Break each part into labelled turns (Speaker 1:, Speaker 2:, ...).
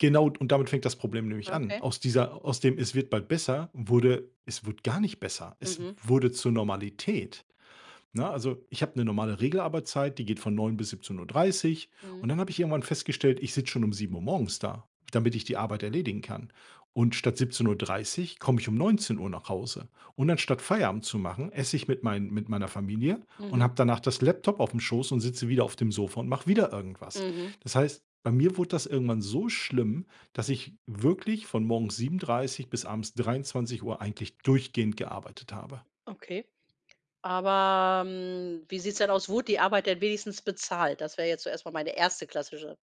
Speaker 1: Genau und damit fängt das Problem nämlich an.
Speaker 2: Okay.
Speaker 1: Aus dieser aus dem „es wird bald besser” wurde „es wurde gar nicht besser.” Es
Speaker 2: Mhm.
Speaker 1: wurde zur Normalität. Ne, also, ich habe 'ne normale Regelarbeitszeit, die geht von 9:00 bis 17:30. Und
Speaker 2: Mhm.
Speaker 1: dann habe ich irgendwann festgestellt, ich sitze schon um 7:00 morgens da, damit ich die Arbeit erledigen kann. Und statt 17:30 komme ich um 19:00 nach Hause. Und anstatt Feierabend zu machen, esse ich mit meinen mit meiner Familie und
Speaker 2: Mhm.
Speaker 1: habe danach das Laptop auf'm Schoß und sitze wieder auf dem Sofa und mache wieder irgendwas.
Speaker 2: Mhm.
Speaker 1: Das heißt, bei mir wurde das irgendwann so schlimm, dass ich wirklich von morgens 7:30 bis abends 23:00 eigentlich durchgehend gearbeitet habe.
Speaker 2: Okay, aber, mm, wie sieht's denn aus, wurde die Arbeit denn wenigstens bezahlt? Das wäre jetzt zuerst mal meine 1. klassische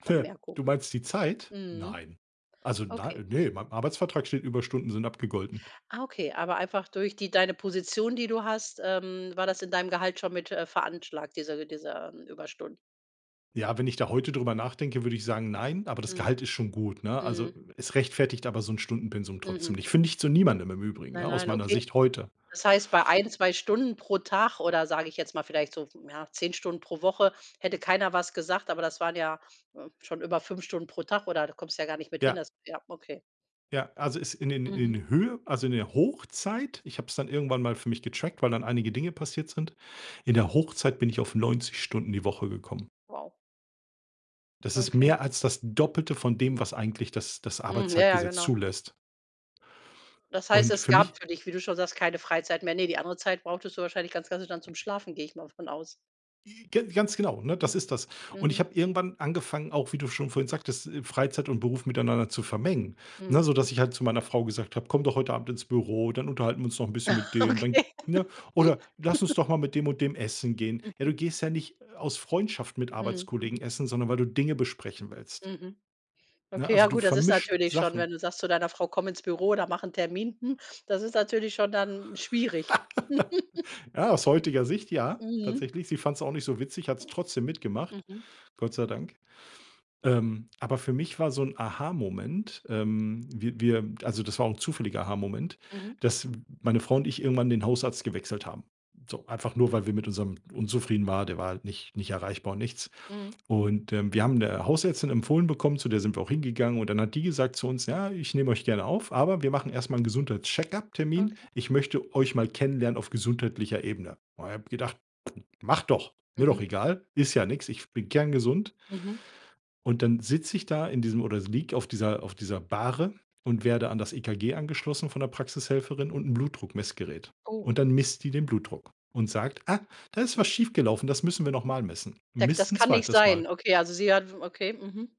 Speaker 1: Du meinst die Zeit?
Speaker 2: Mhm.
Speaker 1: Nein. Also, nei
Speaker 2: Okay.
Speaker 1: ne, in meinem Arbeitsvertrag steht „Überstunden sind abgegolten.”
Speaker 2: Ah okay, aber einfach durch die deine Position, die du hast, ähm, war das in deinem Gehalt schon mit, äh, veranschlagt, diese diese Überstunden.
Speaker 1: Ja, wenn ich da heute drüber nachdenke, würde ich sagen nein, aber das
Speaker 2: Mhm.
Speaker 1: Gehalt ist schon gut, ne? Also,
Speaker 2: Mhm.
Speaker 1: es rechtfertigt aber so 'n Stundenpensum trotzdem
Speaker 2: Mhm.
Speaker 1: nicht. Finde ich zu niemandem, im Übrigen, ne,
Speaker 2: Nein,
Speaker 1: aus
Speaker 2: nein,
Speaker 1: meiner
Speaker 2: okay.
Speaker 1: Sicht heute.
Speaker 2: Das heißt, bei 1, 2 Stunden pro Tag oder, sage ich jetzt mal, vielleicht so, ja, 10 Stunden pro Woche hätte keiner was gesagt, aber das waren ja, äh, schon über 5 Stunden pro Tag oder da kommst ja gar nicht mit hin.
Speaker 1: Ja.
Speaker 2: Das ja, okay.
Speaker 1: Ja, also, es in den in
Speaker 2: Mhm.
Speaker 1: den Höhe also, in der Hochzeit ich habe es dann irgendwann mal für mich getrackt, weil dann einige Dinge passiert sind. In der Hochzeit bin ich auf 90 Stunden die Woche gekommen.
Speaker 2: Wow.
Speaker 1: Das ist
Speaker 2: Okay.
Speaker 1: mehr als das Doppelte von dem,
Speaker 2: Mhm.
Speaker 1: was eigentlich das das
Speaker 2: Mhm, ja, ja,
Speaker 1: Arbeitszeitgesetz
Speaker 2: genau.
Speaker 1: zulässt.
Speaker 2: Das heißt,
Speaker 1: Und
Speaker 2: es
Speaker 1: für mich
Speaker 2: gab für dich, wie du schon sagst, keine Freizeit mehr. Ne, die andere Zeit brauchtest du wahrscheinlich ganz klassisch dann zum Schlafen, gehe ich mal von aus.
Speaker 1: J ga ganz genau, ne, das
Speaker 2: Mhm,
Speaker 1: ist das. Und ich
Speaker 2: mhm.
Speaker 1: habe irgendwann angefangen, auch wie du schon vorhin sagtest, äh, Freizeit und Beruf miteinander zu vermengen, ne?
Speaker 2: Mhm.
Speaker 1: Sodass ich halt zu meiner Frau gesagt habe: „Komm doch heute Abend ins Büro, dann unterhalten wir uns noch 'n bisschen mit denen, dann“
Speaker 2: Okay.
Speaker 1: ne? Oder: „Lass uns
Speaker 2: Hm.
Speaker 1: doch mal mit dem und dem essen gehen.“ Ja, du
Speaker 2: Mhm.
Speaker 1: gehst ja nicht aus Freundschaft mit
Speaker 2: Mhm.
Speaker 1: Arbeitskollegen essen, sondern weil du Dinge besprechen willst.
Speaker 2: Mhm.
Speaker 1: Ne,
Speaker 2: Okay,
Speaker 1: also,
Speaker 2: ja
Speaker 1: du
Speaker 2: gut, das ist
Speaker 1: vermischt
Speaker 2: natürlich schon, wenn
Speaker 1: Sachen.
Speaker 2: du sagst zu deiner Frau „komm ins Büro, da mach 'n Termin”, hm, das ist natürlich schon dann schwierig.
Speaker 1: Ja, aus heutiger Sicht ja,
Speaker 2: Mhm.
Speaker 1: tatsächlich. Sie fand's auch nicht so witzig, hat's trotzdem mitgemacht,
Speaker 2: Mhm.
Speaker 1: Gott sei Dank. Ähm, aber für mich war so 'n Aha-Moment ähm, wir wir also, das war auch 'n zufälliger Aha-Moment,
Speaker 2: Mhm.
Speaker 1: dass meine Frau und ich irgendwann den Hausarzt gewechselt haben. So, einfach nur, weil wir mit unserem unzufrieden war. Der war halt nicht nicht erreichbar und nichts.
Speaker 2: Mhm.
Speaker 1: Und, ähm, wir haben 'ne Hausärztin empfohlen bekommen, zu der sind wir auch hingegangen und dann hat die gesagt zu uns: „Ja, ich nehme euch gerne auf, aber wir machen erst mal 'n Gesundheits-Check-Up-Termin.
Speaker 2: Okay.
Speaker 1: Ich möchte euch mal kennenlernen auf gesundheitlicher Ebene.“ Und ich habe gedacht: „Mach doch, mir doch
Speaker 2: Mhm.
Speaker 1: egal, ist ja nix, ich bin kerngesund.“
Speaker 2: Mhm.
Speaker 1: Und dann sitze ich da in diesem oder liege auf dieser auf dieser Bahre und werde an das EKG angeschlossen von der Praxishelferin und 'n Blutdruckmessgerät.
Speaker 2: Oh.
Speaker 1: Und dann misst die den Blutdruck und sagt: „Ah, da ist was schief gelaufen, das müssen wir noch mal messen.“
Speaker 2: Dek
Speaker 1: Misst
Speaker 2: das
Speaker 1: 'n
Speaker 2: kann nicht
Speaker 1: 2. Mal.
Speaker 2: sein. Okay, also, sie hat w okay, mhm.